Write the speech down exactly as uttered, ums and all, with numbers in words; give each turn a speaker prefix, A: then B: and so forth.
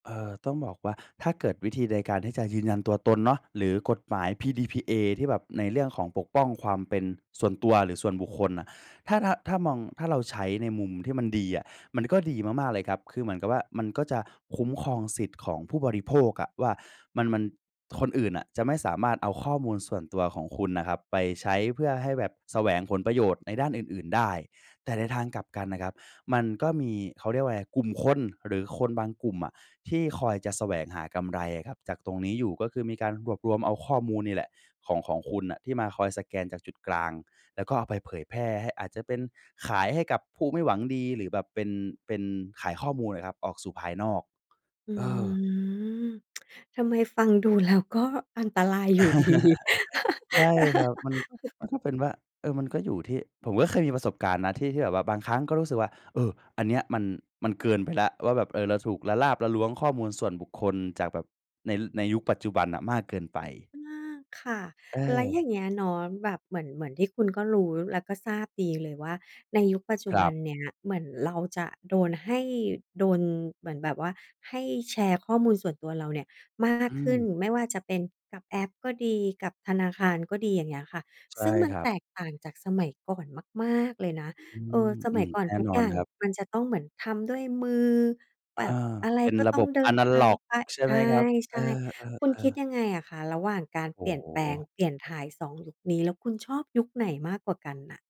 A: เอ่อ ต้องบอกว่า ถ้าเกิดวิธีในการที่จะยืนยันตัวตนเนาะ หรือกฎหมาย PDPA ที่แบบในเรื่องของปกป้องความเป็นส่วนตัว หรือส่วนบุคคลน่ะ ถ้า ถ้า ถ้ามอง ถ้าเราใช้ในมุมที่มันดีอะ มันก็ดีมาก ๆ เลยครับ คือเหมือนกับว่า มันก็จะคุ้มครองสิทธิ์ของผู้บริโภคอะว่า มัน มัน คนอื่นน่ะจะไม่สามารถเอาข้อมูลส่วนตัวของคุณน่ะครับ ไปใช้เพื่อให้แบบแสวงผลประโยชน์ในด้านอื่น ๆ ได้ แต่ในทางกลับกันน่ะครับ มันก็มี เขาเรียกว่าอะไร กลุ่มคนหรือคนบางกลุ่มอะ ที่คอยจะแสวงหากำไรอะครับจากตรงนี้อยู่ ก็คือมีการรวบรวมเอาข้อมูลนี่แหละของ ของคุณน่ะ ที่มาคอยสแกนจากจุดกลาง แล้วก็เอาไปเผยแพร่ให้ อาจจะเป็นขายให้กับผู้ไม่หวังดี หรือแบบเป็น เป็นขายข้อมูลอะครับ ออกสู่ภายนอก
B: อื
A: เออ
B: ม ทำไมฟังดู แล้ว ก็อันตรายอยู่ ดี
A: ใช่ครับ มันก็ มันก็เป็นว่า เออ มันก็อยู่ที่ ผมก็เคยมีประสบการณ์นะ ที่ ที่แบบว่าบางครั้ง ก็รู้สึกว่า เออ อันเนี้ย มัน มันเกินไปแล้ว ว่าแบบ เออ เราถูกละลาบละล้วงข้อมูลส่วนบุคคล จากแบบใน ในยุคปัจจุบันน่ะมากเกินไป
B: อา ค่ะ
A: เ
B: แล้วอย
A: ออ
B: ่างเงี้ยเนาะ แบบเหมือน เหมือนที่คุณก็รู้ และก็ทราบดีเลยว่า ในยุคปัจจุ
A: คร
B: บ
A: ั
B: ั
A: บ
B: นเนี้ย เหมือนเราจะโดนให้ โดนเหมือนแบบว่า ให้แชร์ข้อมูลส่วนตัวเราเนี่ยมา
A: อ
B: ก
A: ื
B: ขึ้
A: ม
B: น ไม่ว่าจะเป็น กับแอปก็ดี กับธนาคารก็ดี อย่างเงี้ยค่ะ
A: ใช
B: ซ
A: ่
B: ึ่งมัน
A: ครั
B: แต
A: บ
B: กต่างจากสมัยก่อนมาก ๆ เลยนะ
A: อื
B: เออ
A: ม
B: ส
A: อื
B: มัย
A: อ
B: ก่อน
A: แน่
B: ทุก
A: นอ
B: อย
A: น
B: ่าง
A: ครับ
B: มันจะต้องเหมือนทำด้วยมือ
A: เ
B: แ
A: อ
B: บ
A: อ
B: บอะไร
A: เป็น
B: ก็
A: ระ
B: ต้
A: บ
B: อง
A: บ
B: เด
A: แ
B: ิ
A: อ
B: น
A: นะ
B: ท
A: ล
B: า
A: ็
B: ง
A: อก
B: ไป
A: ใช่ไหมครับ? เ
B: ใ
A: อ
B: ช
A: อ
B: ่ ๆ คุณคิ
A: ๆ
B: ด
A: ๆ
B: ยังไงอะคะ ระหว่างการ
A: โอ
B: เป
A: ้
B: ลี่ยน
A: โ
B: แปลง
A: ฮ
B: เปลี่ยนถ่าย สอง ยุคนี้ แล้วคุณชอบยุคไหนมากกว่ากันน่ะ?